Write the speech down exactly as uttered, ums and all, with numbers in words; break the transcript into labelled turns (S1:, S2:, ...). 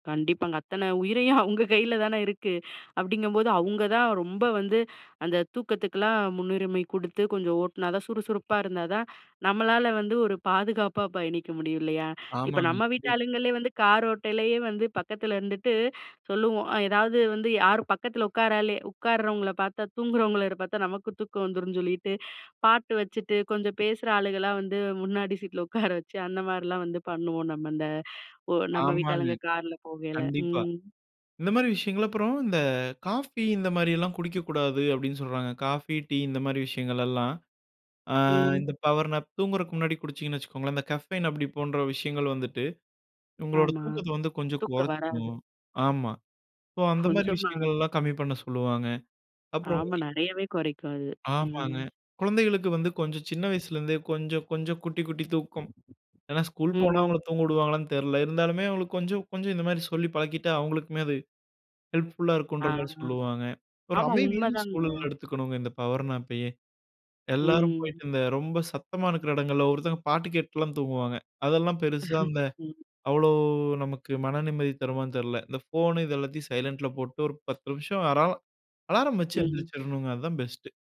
S1: கண்டிப்பாங்க. அத்தனை உயிரையும் அவுங்க கையில தானே இருக்கு. அப்படிங்கும்போது அவுங்க தான் ரொம்ப வந்து அந்த தூக்கத்துக்குலாம் முன்னுரிமை குடுத்து, கொஞ்சம் ஓட்டுனா தான் சுறுசுறுப்பா இருந்தா தான் நம்மளால வந்து, ஒரு பாதுகாப்பா பயணிக்க முடியும் இல்லையா? இப்ப
S2: ஆமாங்க.
S1: நம்ம
S2: கண்டிப்
S1: வீட்டாளுங்களே வந்து கார் ஓட்டையிலயே வந்து பக்கத்துல இருந்துட்டு சொல்லுவோம். ஏதாது வந்து யாரும் பக்கத்தில உட்காராலே உட்கார்றவங்களை பார்த்தா தூங்குறவங்கள பார்த்தா நமக்கும் தூக்கம் வந்துரும்னு சொல்லிட்டு, பாட்டு வச்சுட்டு கொஞ்சம் பேசுற ஆளுகளலாம் வந்து முன்னாடி சீட்டுல உட்கார வச்சு, அந்த மாரிலாம் வந்து பண்ணுவோம் நம்ம இந்த ஒ நம்ம
S2: ஆமாங்க.
S1: வீட்டாளுங்க கார்ல போகையில.
S2: கண்டிப்பா.
S1: ம்.
S2: இந்த மாரி விஷயங்கள் அப்புறம், இந்த காஃபி இந்த மாரியெல்லாம் குடிக்கக்கூடாது அப்படின்னு சொல்றாங்க. காஃபி, டீ இந்த மாதிரி விஷயங்கள்லாம். அ
S1: ம்.
S2: இந்த பவர்னாப் தூங்குறதுக்கு முன்னாடி குடிச்சிங்கன்னு வச்சுக்கோங்களேன். இந்த கஃபைன் அப்டி போன்ற விஷயங்கள் வந்துட்டு உங்களோட
S1: ஆமா.
S2: தூக்கத்தை வந்து கொஞ்சம்
S1: தூக்கம் வராது.
S2: கொறைச்சிரும். ஆமா ஸோ அந்த மாதிரி
S1: கொஞ்சமா.
S2: விஷயங்கள்லாம் கம்மி பண்ண சொல்லுவாங்க. அப்புறம்
S1: ஆமா, நெறையவே குறைக்கும் அது.
S2: ஆமாங்க.
S1: ம்.
S2: கொழந்தைங்களுக்கு வந்து கொஞ்சம் சின்ன வயசுலேருந்தே கொஞ்சம் கொஞ்சம் குட்டி குட்டி தூக்கம். ஏன்னா ஸ்கூல் போனா
S1: ம்.
S2: அவங்கள தூங்க விடுவாங்களான்னு தெரியல. இருந்தாலுமே அவங்களுக்கு கொஞ்சம் கொஞ்சம் இந்த மாரி சொல்லி பழக்கிட்டா, அவங்களுக்குமே அது ஹெல்ப்ஃபுல்லா இருக்குன்ற
S1: ஆ,
S2: மாரி
S1: ஆ.
S2: சொல்லுவாங்க. ஒரு
S1: ஆமா
S2: அமைதியான
S1: உண்மைதாங்க.
S2: சூழல்ல எடுத்துக்கணுங்க இந்த பவர்னாப்பயே. எல்லாரும்
S1: ம்.
S2: போயிட்டு இந்த ரொம்ப சத்தமா இருக்கிற இடங்கள்ல ஒவ்வொருத்தவங்க பாட்டு கேட்டுலாம் தூங்குவாங்க. அதெல்லாம் பெருசா அந்த
S1: ம்.
S2: அவ்வளவு நமக்கு மன நிம்மதி தருமான்னு தெரியல. இந்த ஃபோன் இத எல்லாத்தையும் சைலன்ட்ல போட்டு ஒரு பத்து நிமிஷம் வர்றோம், அலாரம் வச்சு
S1: ம்.
S2: எந்திரிச்சுரணுங்க அதுதான் பெஸ்ட்டு.